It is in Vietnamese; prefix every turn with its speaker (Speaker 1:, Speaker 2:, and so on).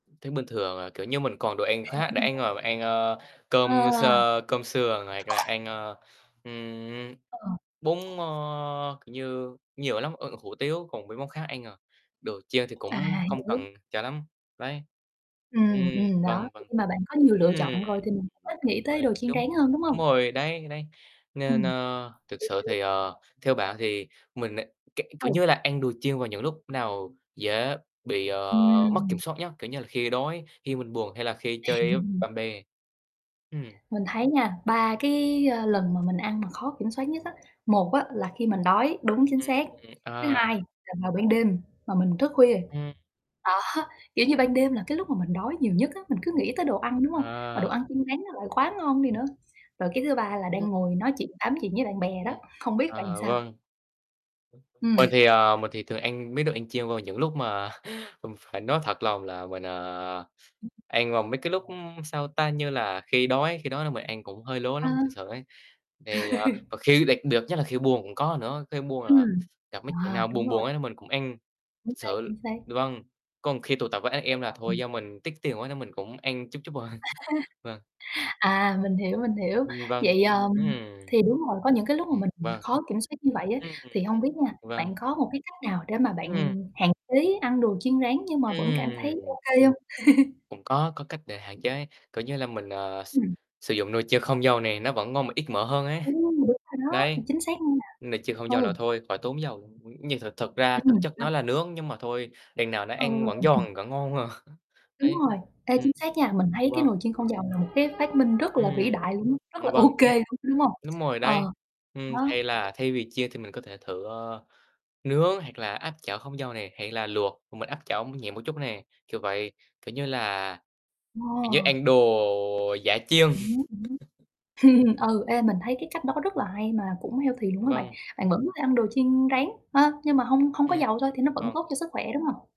Speaker 1: Thấy bình thường à, kiểu như, mình còn đồ ăn khác để ăn, à, ăn, ờ,
Speaker 2: Ờ.
Speaker 1: cơm sơ cơm sườn hoặc là ăn, ờ, ừm,
Speaker 2: Ờ.
Speaker 1: bún, ơ, kiểu như, nhiều lắm, ơ, hủ tiếu, còn mấy món khác ăn, à, đồ chiên thì cũng
Speaker 2: À,
Speaker 1: không
Speaker 2: hiểu.
Speaker 1: cần cho lắm, đấy. Ừm,
Speaker 2: Ừm, ừm, đó.
Speaker 1: vâng,
Speaker 2: Thì
Speaker 1: vâng.
Speaker 2: khi mà bạn có nhiều
Speaker 1: Ừm,
Speaker 2: lựa chọn rồi thì mình cũng
Speaker 1: đúng
Speaker 2: ít nghĩ tới
Speaker 1: rồi,
Speaker 2: đồ chiên rán
Speaker 1: đúng,
Speaker 2: hơn, đúng
Speaker 1: đúng
Speaker 2: hông?
Speaker 1: rồi đấy. Đấy,
Speaker 2: Ừm.
Speaker 1: nên, ơ, thực sự
Speaker 2: Hiểu, hiểu.
Speaker 1: thì, ờ, theo bạn thì mình, ơ, k kiểu
Speaker 2: Ừ.
Speaker 1: như là, ăn đồ chiên vào những lúc nào dễ bị, ờ, mất kiểm
Speaker 2: Ừm.
Speaker 1: soát nhất, kiểu như là, khi đói, khi mình buồn hay là khi chơi với bạn bè? Ừm.
Speaker 2: Mình thấy nha, ba cái, à, lần mà mình ăn mà khó kiểm soát nhất á, một á là khi mình đói đúng, chính
Speaker 1: Ừm,
Speaker 2: xác. Thứ
Speaker 1: ờ.
Speaker 2: hai là vào ban đêm mà mình thức khuya,
Speaker 1: Ừm.
Speaker 2: đó, kiểu như, ban đêm là cái lúc mà mình đói nhiều nhất á, mình cứ
Speaker 1: Ừm.
Speaker 2: nghĩ tới đồ ăn, đúng hông? Mà
Speaker 1: À.
Speaker 2: đồ ăn chiên rán nó lại quá ngon đi nữa. Rồi cái thứ ba là
Speaker 1: Vâng.
Speaker 2: đang ngồi nói chuyện tám chuyện với bạn bè đó.
Speaker 1: Ừm.
Speaker 2: Không biết bạn
Speaker 1: À,
Speaker 2: sao?
Speaker 1: vâng. Đúng, đúng.
Speaker 2: Ừm.
Speaker 1: Mình thì, ờ, mình thì thường ăn mấy đồ ăn chiên vào những lúc mà mình phải nói thật lòng là mình, à, ăn vào mấy cái lúc, sao ta, như là khi đói khi đói là mình ăn cũng hơi lố lắm, thực
Speaker 2: Ừ.
Speaker 1: sự ấy. Thì, ờ, và khi đặc biệt nhất là khi buồn cũng có nữa, khi buồn là
Speaker 2: Ừm,
Speaker 1: gặp mấy chuyện
Speaker 2: à,
Speaker 1: nào
Speaker 2: đúng
Speaker 1: buồn
Speaker 2: rồi.
Speaker 1: buồn ấy mình cũng ăn,
Speaker 2: Chính
Speaker 1: thực
Speaker 2: xác,
Speaker 1: sự.
Speaker 2: chính xác.
Speaker 1: Vâng, còn khi tụ tập với anh em là thôi,
Speaker 2: Ừm.
Speaker 1: do mình tiếc tiền quá nên mình cũng ăn chút chút thôi. Vâng.
Speaker 2: À. À, mình hiểu, mình hiểu,
Speaker 1: Ừm, vâng,
Speaker 2: vậy,
Speaker 1: ừm,
Speaker 2: à,
Speaker 1: ừm.
Speaker 2: thì đúng rồi, có những cái lúc mà
Speaker 1: Ừm,
Speaker 2: mình
Speaker 1: vâng.
Speaker 2: khó kiểm soát như vậy á.
Speaker 1: Ừm, ừm,
Speaker 2: Thì hông biết nha,
Speaker 1: vâng.
Speaker 2: bạn có một cái cách nào để mà
Speaker 1: Ừm.
Speaker 2: bạn hạn chế ăn đồ chiên rán nhưng mà vẫn cảm thấy
Speaker 1: Ừm.
Speaker 2: ô kê hông?
Speaker 1: Cũng có, có cách để hạn chế, kiểu như là, mình, ờ, s
Speaker 2: Ừm.
Speaker 1: sử dụng nồi chiên không dầu này, nó vẫn ngon mà ít mỡ hơn ấy,
Speaker 2: Ừm, đúng rồi đó.
Speaker 1: đấy.
Speaker 2: Chính xác nha.
Speaker 1: Nồi chiên không dầu
Speaker 2: Ừ.
Speaker 1: là thôi, khỏi tốn dầu luôn, nhưng thực thực ra, thực
Speaker 2: Ừm,
Speaker 1: chất nó
Speaker 2: sao?
Speaker 1: là nướng, nhưng mà thôi, đằng nào nó
Speaker 2: Ờ.
Speaker 1: ăn vẫn giòn, vẫn ngon mà.
Speaker 2: Đúng
Speaker 1: Đấy,
Speaker 2: rồi. Ê,
Speaker 1: ừm,
Speaker 2: chính xác nha. Mình thấy cái
Speaker 1: vâng.
Speaker 2: nồi chiên không dầu là một cái phát minh rất là vĩ
Speaker 1: Ừm,
Speaker 2: đại luôn á, rất
Speaker 1: ừm,
Speaker 2: là
Speaker 1: vâng,
Speaker 2: ô
Speaker 1: đúng
Speaker 2: kê
Speaker 1: rồi,
Speaker 2: luôn, đúng hông?
Speaker 1: đúng rồi đấy.
Speaker 2: Ờ,
Speaker 1: Ừm,
Speaker 2: đó.
Speaker 1: hay là thay vì chiên thì mình có thể thử, ờ, nướng hoặc là áp chảo không dầu nè, hay là luộc, và mình áp chảo nhẹ một chút nè, kiểu vậy, kiểu như là kiểu như,
Speaker 2: Ồ!
Speaker 1: ăn đồ giả chiên.
Speaker 2: Ừm hứm, ừm hứm. Ừ, ê, mình thấy cái cách đó rất là hay mà cũng healthy luôn á bạn,
Speaker 1: Vâng.
Speaker 2: bạn vẫn có thể ăn đồ chiên rán, ha, nhưng mà hông hông có
Speaker 1: Ừm,
Speaker 2: dầu thôi thì nó vẫn
Speaker 1: vâng.
Speaker 2: tốt cho sức khỏe, đúng hông?